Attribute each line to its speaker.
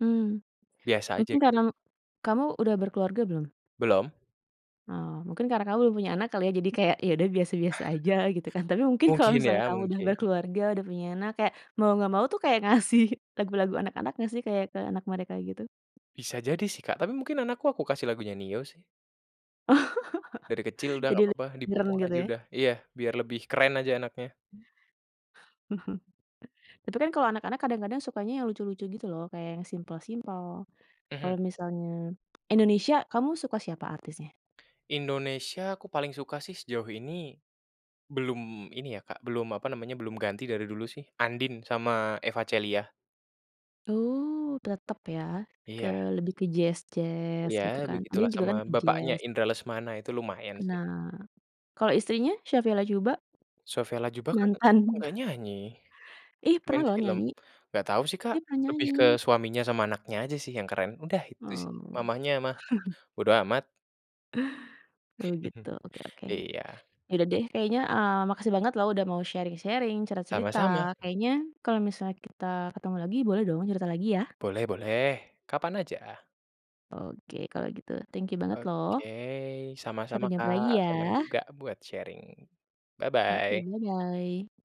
Speaker 1: Mmm,
Speaker 2: Biasa aja
Speaker 1: mungkin
Speaker 2: gitu,
Speaker 1: karena
Speaker 2: Kak.
Speaker 1: kamu udah berkeluarga belum?
Speaker 2: Belum.
Speaker 1: Oh, mungkin karena kamu belum punya anak kali ya, jadi kayak, ya udah biasa-biasa aja gitu kan. Tapi mungkin kalau
Speaker 2: Mungkin ya,
Speaker 1: misalnya kamu udah
Speaker 2: mungkin.
Speaker 1: berkeluarga, udah punya anak kayak, mau nggak mau tuh kayak ngasih lagu-lagu anak-anak nggak sih, kayak ke anak mereka gitu?
Speaker 2: Bisa jadi sih, Kak, tapi mungkin anakku, aku kasih lagunya Nio sih.
Speaker 1: Oh,
Speaker 2: Dari kecil udah nggak
Speaker 1: jadi
Speaker 2: papa,
Speaker 1: lebih reng
Speaker 2: dipupuk
Speaker 1: gitu
Speaker 2: aja
Speaker 1: ya?
Speaker 2: udah, iya, biar lebih keren aja anaknya.
Speaker 1: Itu kan kalau anak-anak kadang-kadang sukanya yang lucu-lucu gitu loh, kayak yang simpel-simpel,
Speaker 2: Mhm.
Speaker 1: kalau misalnya Indonesia kamu suka siapa artisnya?
Speaker 2: Indonesia aku paling suka sih sejauh ini, belum ini ya, Kak, belum apa namanya, belum ganti dari dulu sih, Andien sama Eva Celia.
Speaker 1: Uh, tetep ya, ke
Speaker 2: Iya.
Speaker 1: lebih ke jazz-jazz gitu
Speaker 2: Ya
Speaker 1: kan.
Speaker 2: begitulah,
Speaker 1: Andien juga kan
Speaker 2: sama
Speaker 1: ke
Speaker 2: bapaknya
Speaker 1: jazz.
Speaker 2: Indra Lesmana, itu lumayan sih.
Speaker 1: Nah, kalau istrinya Sofia Latjuba?
Speaker 2: Sofia Latjuba kan
Speaker 1: Mantan.
Speaker 2: nggak nyanyi,
Speaker 1: Ih, pernah
Speaker 2: main
Speaker 1: loh
Speaker 2: film.
Speaker 1: nyanyi,
Speaker 2: Nggak tahu sih, Kak,
Speaker 1: ih pernah
Speaker 2: lebih
Speaker 1: nyanyi!
Speaker 2: ke suaminya sama anaknya aja sih yang keren, udah itu sih,
Speaker 1: Oh.
Speaker 2: mamahnya mah bodo amat.
Speaker 1: Oh gitu, oke oke.
Speaker 2: Iya.
Speaker 1: Ya udah deh, kayaknya, eee, makasih banget loh, udah mau sharing-sharing, cerita-cerita,
Speaker 2: Sama-sama.
Speaker 1: kayaknya kalau misalnya kita ketemu lagi, boleh dong cerita lagi ya?
Speaker 2: Boleh boleh, kapan aja.
Speaker 1: Oke, kalau gitu, thank you banget loh.
Speaker 2: Oke, sama-sama
Speaker 1: Sampai jumpa
Speaker 2: Kak,
Speaker 1: lagi
Speaker 2: senang
Speaker 1: ya.
Speaker 2: juga buat sharing,
Speaker 1: Oke,
Speaker 2: bye-bye!
Speaker 1: bye-bye!